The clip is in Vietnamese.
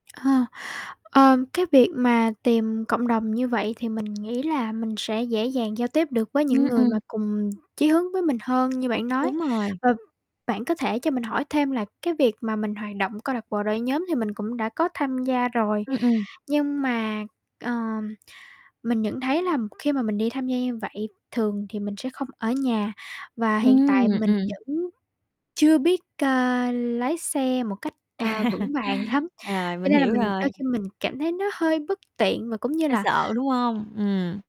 Ờ, ờ, cái việc mà tìm cộng đồng như vậy thì mình nghĩ là mình sẽ dễ dàng giao tiếp được với Ừm, những người mà ừm. cùng chí hướng với mình hơn, như bạn nói. Đúng rồi. Ờ, bạn có thể cho mình hỏi thêm là cái việc mà mình hoạt động câu lạc bộ, đội nhóm thì mình cũng đã có tham gia rồi Ưm, ừm. nhưng mà, ờm, mình nhận thấy là khi mà mình đi tham gia như vậy, thường thì mình sẽ không ở nhà và hiện Ừm, tại mình ừm. vẫn chưa biết, ờ, lái xe một cách, ờ, vững vàng lắm, À, cho mình nên là hiểu mình đôi rồi. khi mình cảm thấy nó hơi bất tiện và cũng như Hơi là sợ, đúng hông? Ừm.